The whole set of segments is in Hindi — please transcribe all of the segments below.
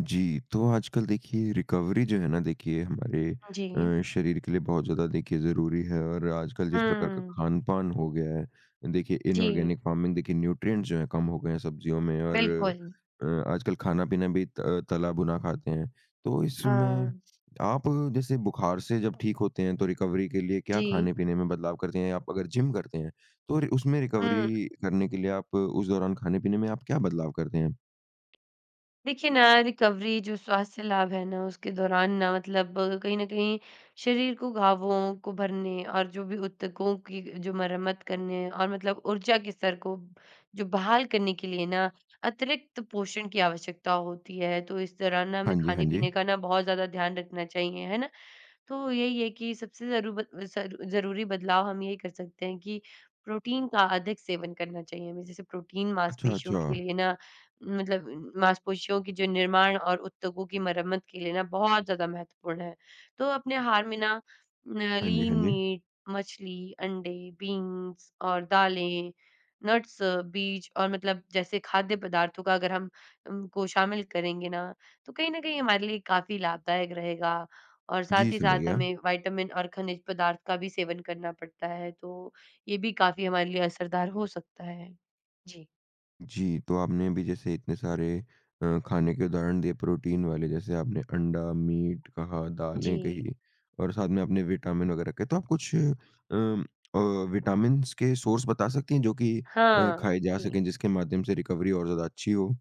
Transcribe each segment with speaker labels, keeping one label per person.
Speaker 1: जी, तो आजकल देखिए रिकवरी जो है ना देखिए हमारे
Speaker 2: उ, जी।
Speaker 1: अ, शरीर के लिए बहुत ज़्यादा देखिए ज़रूरी हैं। और आजकल जिस प्रकार का
Speaker 2: हुँ।
Speaker 1: खान-पान हो गया है देखिए
Speaker 2: जी।
Speaker 1: इनॉर्गेनिक फ़ार्मिंग देखिए न्यूट्रिएंट्स जो हैं कम हो गए हैं सब्ज़ियों में और
Speaker 2: बिल्कुल।
Speaker 1: अ, आजकल खाना-पीना भी त अ, तला-भुना खाते हैं, तो इसमें
Speaker 2: हाँ।
Speaker 1: आप जैसे बुखार से जब ठीक होते हैं, तो रिकवरी के लिए क्या
Speaker 2: जी।
Speaker 1: खाने-पीने में बदलाव करते हैं? आप अगर जिम करते हैं तो रि उसमें
Speaker 2: हुँ।
Speaker 1: रिकवरी करने के लिए आप उस दौरान खाने-पीने में आप क्या बदलाव करते हैं?
Speaker 2: देखिए ना, रिकवरी जो स्वास्थ्य लाभ है ना उसके दौरान ना मतलब कहीं न कहीं शरीर को घावों को भरने और जो भी उत्तकों की अ, जो मरम्मत करने और मतलब ऊर्जा के स्तर को जो बहाल करने के लिए ना अतिरिक्त पोषण की आवश्यकता होती है। तो इस दौरान ना
Speaker 1: हाँ
Speaker 2: हमें
Speaker 1: जी, हाँ जी।
Speaker 2: खाने-पीने का ना बहुत ज़्यादा ध्यान रखना चाहिए। है ना? तो यही है कि सबसे ज़रू ब ज़रू ज़रूरी बदलाव हम यही कर सकते हैं कि प्रोटीन का अधिक सेवन करना चाहिए हमें, जैसे प्रोटीन
Speaker 1: अच्छा,
Speaker 2: मांसपेशियों के
Speaker 1: अच्छा।
Speaker 2: लिए ना मतलब मांसपेशियों के जो निर्माण और उद्योगों की मरम्मत के लिए ना, बहुत ज़्यादा महत्वपूर्ण है। तो अपने आहार में ना
Speaker 1: हाँ जी,
Speaker 2: लीन
Speaker 1: हाँ जी।
Speaker 2: मीट मछली, अंडे, बीन्स और दालें, नट्स, बीज और मतलब जैसे खाद्य पदार्थों का अगर हम उन को शामिल करेंगे ना तो कहीं न कहीं हमारे लिए काफ़ी लाभदायक रहेगा। और साथ
Speaker 1: जी,
Speaker 2: ही
Speaker 1: समझ
Speaker 2: साथ
Speaker 1: गया।
Speaker 2: हमें विटामिन और खनिज पदार्थ का भी सेवन करना पड़ता है, तो ये भी काफ़ी हमारे लिए असरदार हो सकता है। जी।
Speaker 1: जी, तो आपने अभी जैसे इतने सारे अ, खाने के उदाहरण दिए प्रोटीन वाले जैसे आपने अंडा, मीट कहा दालें
Speaker 2: जी।
Speaker 1: कहीं, और साथ में आपने विटामिन वगैरह कहे तो आप कुछ उम, अ, विटामिनस के सोर्स बता सकती हैं जो कि अ,
Speaker 2: हाँ
Speaker 1: खाए जा
Speaker 2: जी।
Speaker 1: सके जिसके माध्यम से रिकवरी और ज़्यादा अच्छी हो?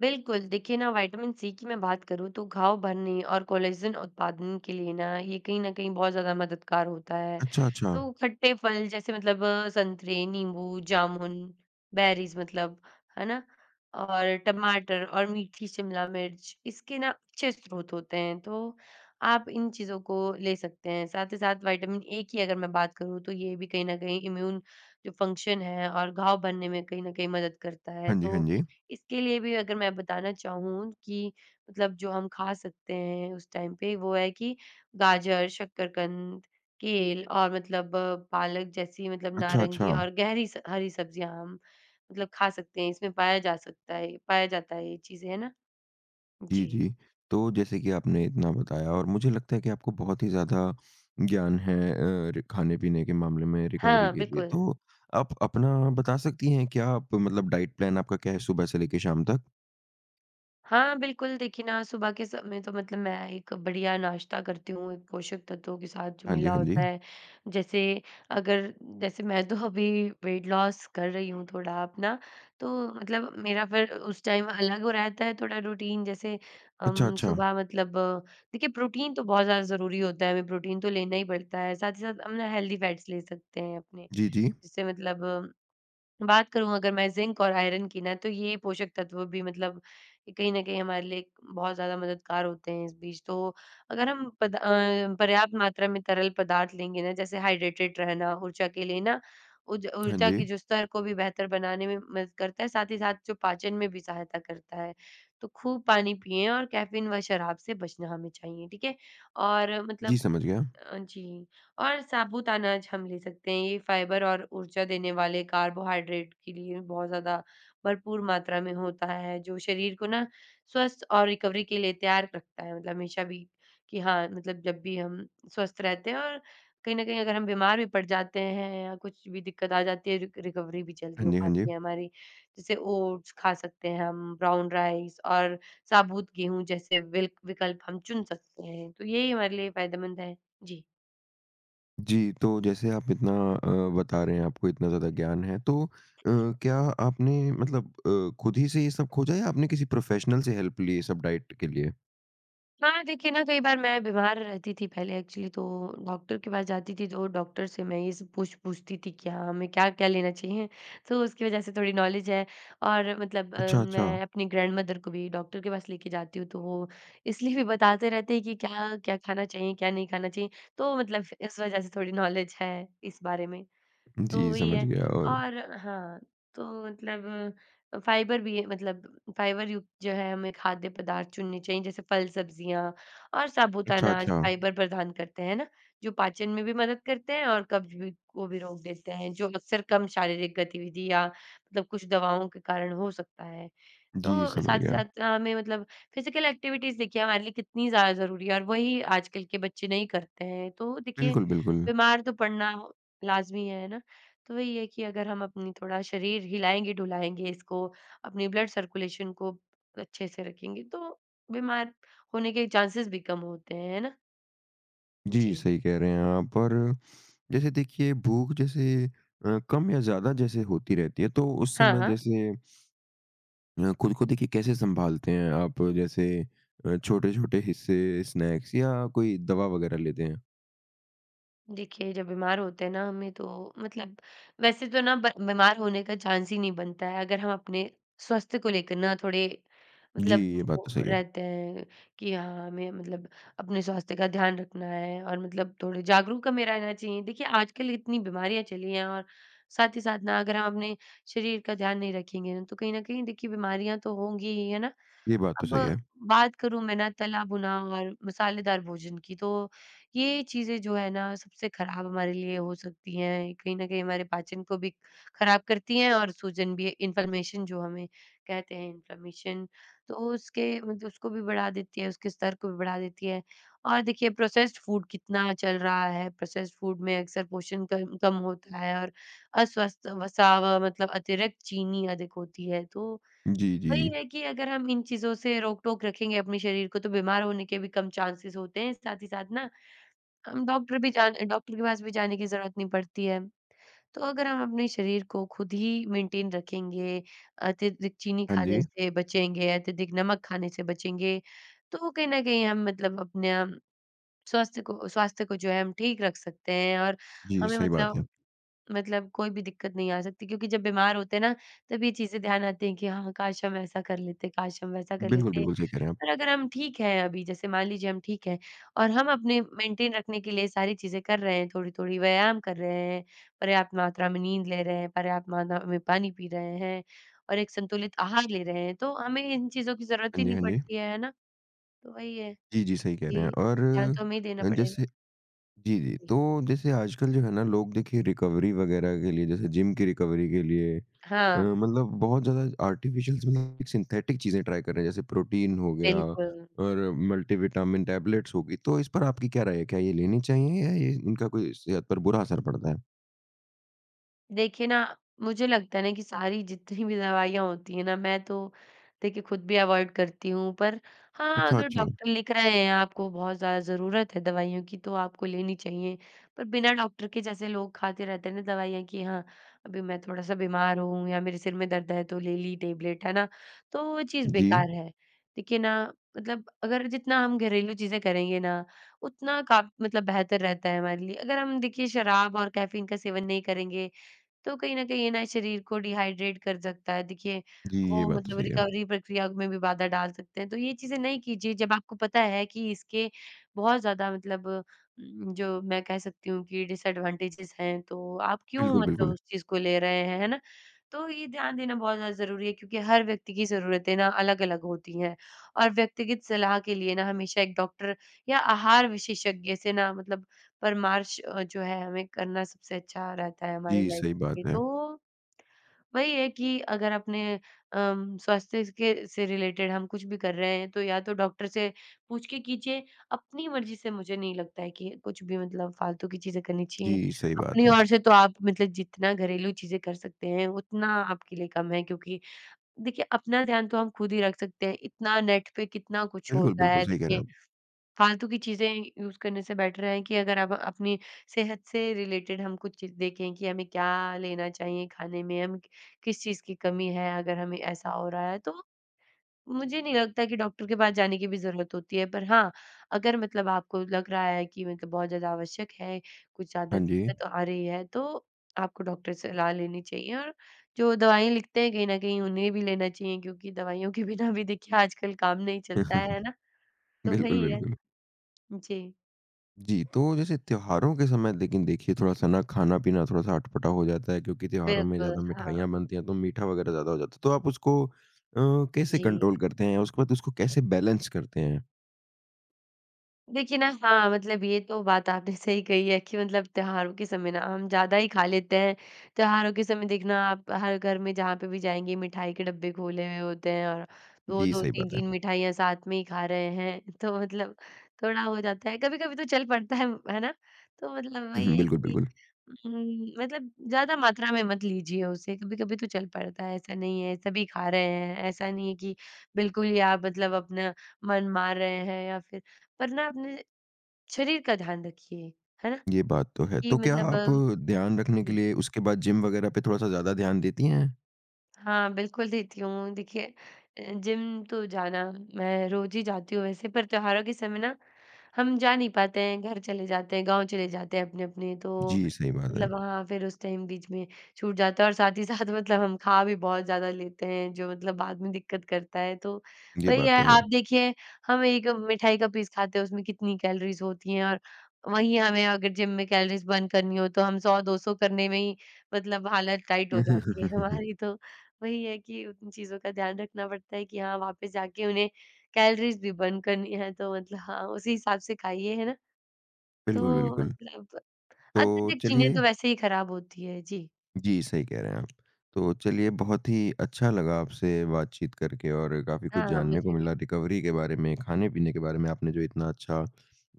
Speaker 2: बिल्कुल, देखिए ना विटामिन-सी की मैं बात करूँ तो घाव भरने और कोलेजन उत्पादन के लिए ना ये कहीं न कहीं बहुत ज़्यादा मददगार होता है।
Speaker 1: अच्छा, अच्छा।
Speaker 2: तो खट्टे फल जैसे मतलब संतरे, नींबू, जामुन, बेरीज़ मतलब, है ना? और टमाटर और मीठी शिमला मिर्च इसके ना अच्छे स्रोत होते हैं तो, आप इन चीज़ों को ले सकते हैं। साथ ही साथ विटामिन-ए की अगर मैं बात करूँ तो ये भी कहीं न कहीं इम्यून जो फंक्शन है और घाव भरने में कहीं न कहीं मदद करता है
Speaker 1: हाँ जी, हाँ
Speaker 2: तो
Speaker 1: जी।
Speaker 2: इसके लिए भी अगर मैं बताना चाहूँ कि मतलब जो हम खा सकते हैं उस टाइम पे वो है कि गाजर, शक्करकंद, केल और मतलब पालक जैसी मतलब
Speaker 1: अच्छा,
Speaker 2: नारंगी
Speaker 1: अच्छा।
Speaker 2: और गहरी स हरी सब्जियाँ हम मतलब खा सकते हैं इसमें पाया जा सकता है ये पाया जाता है ये चीज़ें है ना?
Speaker 1: जी,
Speaker 2: जी।
Speaker 1: जी, तो जैसे कि आपने इतना बताया और मुझे लगता है कि आपको बहुत ही ज़्यादा ज्ञान है अ, रि खाने-पीने के मामले में रिकवरी
Speaker 2: हाँ,
Speaker 1: के लिए,
Speaker 2: बिल्कुल।
Speaker 1: तो आप अपना बता सकती हैं क्या आप मतलब डाइट प्लान आपका क्या है सुबह से लेके शाम तक?
Speaker 2: हाँ, बिल्कुल, देखिए ना सुबह के समय में तो मतलब मैं एक बढ़िया नाश्ता करती हूँ, एक पोषक तत्वों के साथ जो
Speaker 1: हाँ जी,
Speaker 2: मिला
Speaker 1: हाँ
Speaker 2: होता
Speaker 1: जी।
Speaker 2: है, जैसे अगर जैसे मैं तो अभी वेट लॉस कर रही हूँ थोड़ा अपना, तो मतलब मेरा फिर उस टाइम अलग रहता है, थोड़ा रूटीन जैसे
Speaker 1: अच्छा,
Speaker 2: अम,
Speaker 1: अच्छा।
Speaker 2: सुबह मतलब देखिए प्रोटीन तो बहुत ज़्यादा ज़रूरी होता है, हमें प्रोटीन तो लेना ही पड़ता है, साथ ही साथ हम ना हेल्थी फैट्स ले सकते हैं अपने,
Speaker 1: जी, जी।
Speaker 2: जिससे मतलब बात करूँ अगर मैं ज़िंक और आयरन की ना, तो ये पोषक तत्व भी मतलब कहीं न कहीं हमारे लिए बहुत ज़्यादा मददगार होते हैं, इस बीच। तो अगर हम पद अ, पर्याप्त मात्रा में तरल पदार्थ लेंगे ना जैसे हाइड्रेटेड रहना ऊर्जा के लिए ना उज
Speaker 1: हाँ
Speaker 2: ऊर्जा की
Speaker 1: जी।
Speaker 2: जो स्तर को भी बेहतर बनाने में मदद करता है, साथ ही साथ जो पाचन में भी सहायता करता है। तो खूब पानी पिएँ और कैफीन व शराब से बचना हमें चाहिए, ठीक है? और
Speaker 1: जी,
Speaker 2: मतलब
Speaker 1: समझ गया।
Speaker 2: अ, जी और साबूत अनाज हम ले सकते हैं, ये फ़ाइबर और ऊर्जा देने वाले कार्बोहाइड्रेट के लिए बहुत ज़्यादा भरपूर मात्रा में होता है जो शरीर को ना स्वस्थ और रिकवरी के लिए तैयार रखता है मतलब हमेशा भी कि हाँ, मतलब जब भी हम स्वस्थ रहते हैं और कहीं न कहीं अगर हम बीमार भी पड़ जाते हैं या कुछ भी दिक्कत आ जाती है रि रिकवरी भी
Speaker 1: हाँ
Speaker 2: जल्दी हो
Speaker 1: जी, हाँ जी।
Speaker 2: पाती है हमारी, जैसे ओट्स खा सकते हैं हम, ब्राउन राइस और साबूत गेहूँ जैसे विल्क विकल्प हम चुन सकते हैं तो यही हमारे लिए फ़ायदेमंद है, जी।
Speaker 1: जी, तो जैसे आप इतना अ, बता रहे हैं, आपको इतना ज़्यादा ज्ञान है। तो अ,
Speaker 2: [unintelligible]
Speaker 1: क्या आपने मतलब अ, खुद ही से ये सब खोजा या आपने किसी प्रोफ़ेशनल से हेल्प ली ये सब डाइट के लिए?
Speaker 2: हाँ, देखिए ना कई बार मैं बीमार रहती थी पहले एक्चुअली तो डॉक्टर के पास जाती थी, तो डॉक्टर से मैं ये सब पूछ पूछती थी कि क्या हमें क्या-क्या लेना चाहिए, तो उसकी वज़ह से थोड़ी नॉलेज है और मतलब
Speaker 1: अच्छा, अच्छा।
Speaker 2: मैं अपनी ग्रैंडमदर को भी डॉक्टर के पास लेके जाती हूँ, तो वो इसलिए भी बताते रहते हैं कि क्या-क्या खाना चाहिए, क्या नहीं खाना चाहिए, तो मतलब इस वज़ह से थोड़ी नॉलेज है इस बारे में। तो
Speaker 1: जी,
Speaker 2: वही
Speaker 1: समझ
Speaker 2: है
Speaker 1: गया और
Speaker 2: और हाँ, तो मतलब अ, फाइबर भी है, मतलब फाइबर युक्त जो है हमें खाद्य पदार्थ चुनने चाहिए, जैसे फल-सब्जियाँ और साबुत
Speaker 1: अच्छा,
Speaker 2: अनाज,
Speaker 1: अच्छा।
Speaker 2: फाइबर प्रदान करते हैं है ना, जो पाचन में भी मदद करते हैं और कब्ज़ भी को भी रोक देते हैं जो अक्सर कम शारीरिक गतिविधि या मतलब कुछ दवाओं के कारण हो सकता है।
Speaker 1: जी,
Speaker 2: तो
Speaker 1: समझ
Speaker 2: साथ ही
Speaker 1: गया।
Speaker 2: साथ अ, हमें मतलब फिजिकल एक्टिविटीज़ देखिए हमारे लिए कितनी ज़्यादा ज़रूरी है और वही आजकल के बच्चे नहीं करते हैं। तो देखिए
Speaker 1: बिल्कुल, बिल्कुल।
Speaker 2: बीमार तो पड़ना लाजमी है, है ना? तो वही है कि अगर हम अपनी थोड़ा शरीर हिलाएँगे, ढुलाएँगे इसको, अपनी ब्लड सर्कुलेशन को अच्छे से रखेंगे, तो बीमार होने के चाँसेस भी कम होते हैं, है ना।
Speaker 1: जी,
Speaker 2: जी।
Speaker 1: सही कह रहे हैं आप और जैसे देखिए, भूख जैसे अ, कम या ज़्यादा जैसे होती रहती है तो उस
Speaker 2: हाँ,
Speaker 1: समय
Speaker 2: हाँ।
Speaker 1: जैसे अ, खुद को देखिए कैसे सँभालते हैं आप? जैसे अ, छोटे-छोटे हिस्से, स्नैक्स या कोई दवा वगैरह लेते हैं?
Speaker 2: देखिए, जब बीमार होते हैं ना हमें तो मतलब वैसे तो ना ब बीमार होने का चांस ही नहीं बनता है अगर हम अपने स्वास्थ्य को लेकर ना थोड़े
Speaker 1: जी,
Speaker 2: मतलब
Speaker 1: ये बात तो
Speaker 2: वो
Speaker 1: सही है।
Speaker 2: रहते हैं कि हाँ, हमें मतलब अपने स्वास्थ्य का ध्यान रखना है और मतलब थोड़े जागरूक हमें रहना चाहिए। देखिए, आजकल इतनी बीमारियाँ चली हैं और साथ ही साथ ना, अगर हम अपने शरीर का ध्यान नहीं रखेंगे ना, तो कहीं न कहीं देखिए बीमारियाँ तो होंगी ही। है ना?
Speaker 1: ये बात तो
Speaker 2: अब
Speaker 1: सही है।
Speaker 2: बात करूँ मैं ना तला-भुना और मसालेदार भोजन की तो ये चीज़ें जो हैं ना, सबसे खराब हमारे लिए हो सकती हैं। ये कहीं न कहीं हमारे पाचन को भी खराब करती हैं और सूजन भी इन्फ्लेमेशन जो हमें कहते हैं इन्फ्लेमेशन, तो उसके मतलब उसको भी बढ़ा देती है, उसके स्तर को भी बढ़ा देती है और देखिए प्रोसेस्ड फूड कितना चल रहा है। प्रोसेस्ड फूड में अक्सर पोषण क कम होता है और अस्वस्थ वसा व मतलब अतिरिक्त चीनी अधिक होती है तो,
Speaker 1: जी,
Speaker 2: वही
Speaker 1: जी।
Speaker 2: है कि अगर हम इन चीज़ों से रोक-टोक रखेंगे अपने शरीर को तो बीमार होने के भी कम चांसेस होते हैं। साथ ही साथ ना, हम डॉक्टर भी जान अ, डॉक्टर के पास भी जाने की ज़रूरत नहीं पडती है। तो अगर हम अपने शरीर को खुद ही मेंटेन रखेंगे, अत्यधिक चीनी
Speaker 1: हाँ
Speaker 2: खाने
Speaker 1: जी।
Speaker 2: से बचेंगे, अत्यधिक नमक खाने से बचेंगे, तो कहीं न कहीं हम मतलब अपने अम स्वास्थ को स्वास्थ्य को जो है हम ठीक रख सकते हैं और
Speaker 1: जी,
Speaker 2: हमें
Speaker 1: सही बात
Speaker 2: मतलब,
Speaker 1: है।
Speaker 2: मतलब कोई भी दिक्कत नहीं आ सकती क्योंकि जब बीमार होते हैं ना, तब ये चीज़ें ध्यान आती हैं कि हाँ, काश हम ऐसा कर लेते, काश हम वैसा कर
Speaker 1: बिल्कुल,
Speaker 2: लेते
Speaker 1: बिल्कुल, सही कह रहे हैं आप।
Speaker 2: और अगर हम ठीक हैं अभी जैसे मान लीजिए, हम ठीक हैं और हम अपने मेंटेन रखने के लिए सारी चीज़ें कर रहे हैं। थोड़ी-थोड़ी व्यायाम कर रहे हैं, पर्याप्त मात्रा में नींद ले रहे हैं, पर्याप्त मात्रा में पानी पी रहे हैं और एक संतुलित आहार ले रहे हैं तो हमें इन चीज़ों की ज़रूरत
Speaker 1: हाँ
Speaker 2: ही
Speaker 1: जी,
Speaker 2: नहीं
Speaker 1: हाँ जी।
Speaker 2: पड़ती है। है ना? तो वही है,
Speaker 1: जी, जी, सही कह रहे हैं
Speaker 2: कि
Speaker 1: और
Speaker 2: ध्यान तो हमें ही देना
Speaker 1: अ,
Speaker 2: पड़ेगा।
Speaker 1: जैसे जी, जी,
Speaker 2: जी।
Speaker 1: तो जैसे आजकल जो है ना लोग देखिए, रिकवरी वगैरह के लिए जैसे जिम की रिकवरी के लिए अ,
Speaker 2: हाँ।
Speaker 1: मतलब बहुत ज़्यादा आर्टिफ़िशल्स भी नहीं सिंथेटिक चीज़ें ट्राई कर रहे हैं जैसे प्रोटीन हो गया
Speaker 2: बिल्कुल।
Speaker 1: और मल्टी विटामिन टैबलेट्स हो गई, तो इस पर आपकी क्या राय है? क्या ये लेनी चाहिए या ये इनका कोई सेहत पर बुरा असर पड़ता है?
Speaker 2: देखिए ना, मुझे लगता है ना कि सारी जितनी भी दवाइयाँ होती हैं ना मैं तो, देखिए खुद भी अवॉइड करती हूँ पर हाँ,
Speaker 1: अच्छा,
Speaker 2: अगर
Speaker 1: अच्छा।
Speaker 2: डॉक्टर लिख रहे हैं आपको बहुत ज़्यादा ज़रूरत है दवाइयों की तो आपको लेनी चाहिए, पर बिना डॉक्टर के जैसे लोग खाते रहते हैं ना दवाइयाँ की हाँ, अभी मैं थोड़ा-सा बीमार हूँ या मेरे सिर में दर्द है तो ले ली टैबलेट है ना? तो वो चीज़
Speaker 1: जी।
Speaker 2: बेकार है। देखिए ना मतलब अगर जितना हम घरेलू चीजें करेंगे ना उतना का मतलब बेहतर रहता है हमारे लिए। अगर हम देखिए, शराब और कैफीन का सेवन नहीं करेंगे तो कहीं न कहीं ये ना शरीर को डिहाइड्रेट कर सकता है देखिए,
Speaker 1: जी, ये
Speaker 2: वो
Speaker 1: बात तो
Speaker 2: मतलब
Speaker 1: सही है।
Speaker 2: रिकवरी प्रक्रिया में भी बाधा डाल सकते हैं तो ये चीज़ें नहीं कीजिए जब आपको पता है कि इसके बहुत ज़्यादा मतलब उम, जो मैं कह सकती हूँ कि डिसएडवांटेज़ेस हैं तो आप क्यों
Speaker 1: बिल्कुल,
Speaker 2: मतलब
Speaker 1: बिल्कुल।
Speaker 2: उस चीज़ को ले रहे हैं, है ना? तो ये ध्यान देना बहुत ज़्यादा ज़रूरी है क्योंकि हर व्यक्ति की जरूरतें ना अलग-अलग होती हैं और व्यक्तिगत सलाह के लिए ना हमेशा एक डॉक्टर या आहार विशेषज्ञ से ना मतलब परामर्श जो है हमें करना सबसे अच्छा रहता है हमारी
Speaker 1: जी,
Speaker 2: लाइफ
Speaker 1: सही बात
Speaker 2: में
Speaker 1: है।
Speaker 2: तो, वही है कि अगर अपने अ, स्वास्थ्य के से रिलेटेड हम कुछ भी कर रहे हैं तो या तो डॉक्टर से पूछ के कीजिए, अपनी मर्जी से मुझे नहीं लगता है कि कुछ भी मतलब फालतू की चीजें करनी चाहिए
Speaker 1: जी, सही बात
Speaker 2: अपनी
Speaker 1: है।
Speaker 2: ओर से तो आप मतलब जितना घरेलू चीजें कर सकते हैं उतना आपके लिए कम है क्योंकि देखिए अपना ध्यान तो हम खुद ही रख सकते हैं इतना नेट पे कितना कुछ
Speaker 1: बिल्कुल,
Speaker 2: होता
Speaker 1: बिल्कुल,
Speaker 2: है
Speaker 1: सही कह रहे हैं
Speaker 2: देखिए।
Speaker 1: आप।
Speaker 2: फालतू की चीज़ें यूज़ करने से बैटर है कि अगर आप अपनी सेहत से रिलेटेड हम कुछ चीज़ देखें कि हमें क्या लेना चाहिए खाने में, हम किस चीज़ की कमी है, अगर हमें ऐसा हो रहा है तो। मुझे नहीं लगता कि डॉक्टर के पास जाने की भी जरूरत होती है पर हाँ, अगर मतलब आपको लग रहा है कि मतलब बहुत ज़्यादा आवश्यक है कुछ ज़्यादा
Speaker 1: हाँ जी।
Speaker 2: दिक्कत आ रही है तो आपको डॉक्टर से सलाह लेनी चाहिए और जो दवाइयाँ लिखते हैं कहीं न कहीं उन्हें भी लेना चाहिए क्योंकि दवाइयों के बिना भी देखिए आजकल काम नहीं चलता है, है ना? तो
Speaker 1: बिल्कुल,
Speaker 2: वही है।
Speaker 1: बिल्कुल।
Speaker 2: जी।
Speaker 1: जी, तो जैसे त्योहारों के समय लेकिन देखिए थोड़ा-सा ना खाना-पीना थोड़ा-सा अटपटा हो जाता है क्योंकि त्योहारों में ज़्यादा
Speaker 2: बिल्कुल हाँ।
Speaker 1: मिठाइयाँ बनती है, तो मीठा वगैरह ज़्यादा हो जाता है। तो आप उसको अ, कैसे
Speaker 2: जी।
Speaker 1: कंट्रोल करते हैं, उसको बाद उसको कैसे बैलेंस करते हैं?
Speaker 2: देखिए ना, हाँ, मतलब ये तो बात आपने सही कही है कि मतलब त्योहारों के समय ना हम ज़्यादा ही खा लेते हैं। त्योहारों के समय देखना आप हर घर में जहाँ पे भी जाएँगे, मिठाई के डिब्बे खोले हुए होते हैं, और दो
Speaker 1: जी,
Speaker 2: दो
Speaker 1: सही
Speaker 2: तीन
Speaker 1: बात है।
Speaker 2: तीन मिठाइयाँ साथ में ही खा रहे हैं, तो मतलब थोड़ा हो जाता है कभी-कभी तो चल पड़ता है, है ना? तो मतलब
Speaker 1: हुँ,
Speaker 2: वही है
Speaker 1: बिल्कुल,
Speaker 2: कि
Speaker 1: बिल्कुल।
Speaker 2: उम्म, मतलब ज़्यादा मात्रा में मत लीजिए उसे, कभी-कभी तो चल पड़ता है, ऐसा नहीं है सभी खा रहे हैं। ऐसा नहीं है कि बिल्कुल ही आप मतलब अपना मन मार रहे हैं या फिर पर ना अपने शरीर का ध्यान रखिए है ना?
Speaker 1: ये बात तो है,
Speaker 2: कि
Speaker 1: तो क्या
Speaker 2: मतलब
Speaker 1: आप ध्यान रखने के
Speaker 2: जी।
Speaker 1: लिए उसके बाद जिम वगैरह पे थोड़ा-सा ज़्यादा ध्यान देती हैं?
Speaker 2: हाँ, बिल्कुल देती हूँ, देखिए अ, जिम तो जाना मैं रोज ही जाती हूँ वैसे, पर त्योहारों के समय ना हम जा नहीं पाते हैं, घर चले जाते हैं, गाँव चले जाते हैं अपने-अपने तो,
Speaker 1: जी, सही बात
Speaker 2: मतलब
Speaker 1: है।
Speaker 2: वहाँ फिर उस टाइम बीच में छूट जाता है और साथ ही साथ मतलब हम खा भी बहुत ज़्यादा लेते हैं जो मतलब बाद में दिक्कत करता है। तो
Speaker 1: ये
Speaker 2: वही
Speaker 1: बात तो
Speaker 2: है
Speaker 1: है।
Speaker 2: आप देखिए हम एक मिठाई का पीस खाते हैं उसमें कितनी कैलोरीज़ होती हैं और वही हमें अगर जिम में कैलोरीज़ बर्न करनी हो, तो हम 100-200 करने में ही मतलब हालत टाइट हो
Speaker 1: हुँ, हुँ, हुँ,
Speaker 2: जाती
Speaker 1: हुँ,
Speaker 2: है
Speaker 1: हुँ, हुँ।
Speaker 2: हमारी तो। वही है कि उन चीज़ों का ध्यान रखना पड़ता है कि हाँ, वापस जाके उन्हें कैलोरीज़ भी बर्न करनी है तो मतलब हाँ, उसी हिसाब से खाइए है ना?
Speaker 1: बिल्कुल,
Speaker 2: तो
Speaker 1: बिल्कुल।
Speaker 2: मतलब
Speaker 1: तो
Speaker 2: अत्यधिक चीने
Speaker 1: चलिए
Speaker 2: तो वैसे ही खराब होती है, जी।
Speaker 1: जी, सही कह रहे हैं आप। तो चलिए बहुत ही अच्छा लगा आपसे बातचीत करके और काफ़ी कुछ
Speaker 2: हाँ,
Speaker 1: जानने को
Speaker 2: मुझे भी।
Speaker 1: मिला रिकवरी के बारे में, खाने-पीने के बारे में, आपने जो इतना अच्छा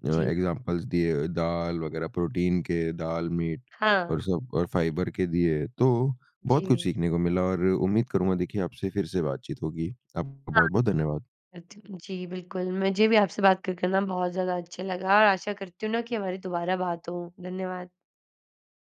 Speaker 1: अ,
Speaker 2: जी।
Speaker 1: एक्ज़ाम्पलस दिए दाल वगैरह, प्रोटीन के दाल, मीट
Speaker 2: हाँ।
Speaker 1: और सब और फाइबर के दिए, तो बहुत कुछ
Speaker 2: जी।
Speaker 1: सीखने को मिला और उम्मीद करूँगा देखिए आपसे फिर से बातचीत होगी। आपका
Speaker 2: हाँ।
Speaker 1: बहुत-बहुत धन्यवाद।
Speaker 2: अ, ज जी बिल्कुल मुझे भी आपसे बात कर कर ना बहुत ज़्यादा अच्छा लगा और आशा करती हूँ ना कि हमारी दोबारा बात हो, धन्यवाद।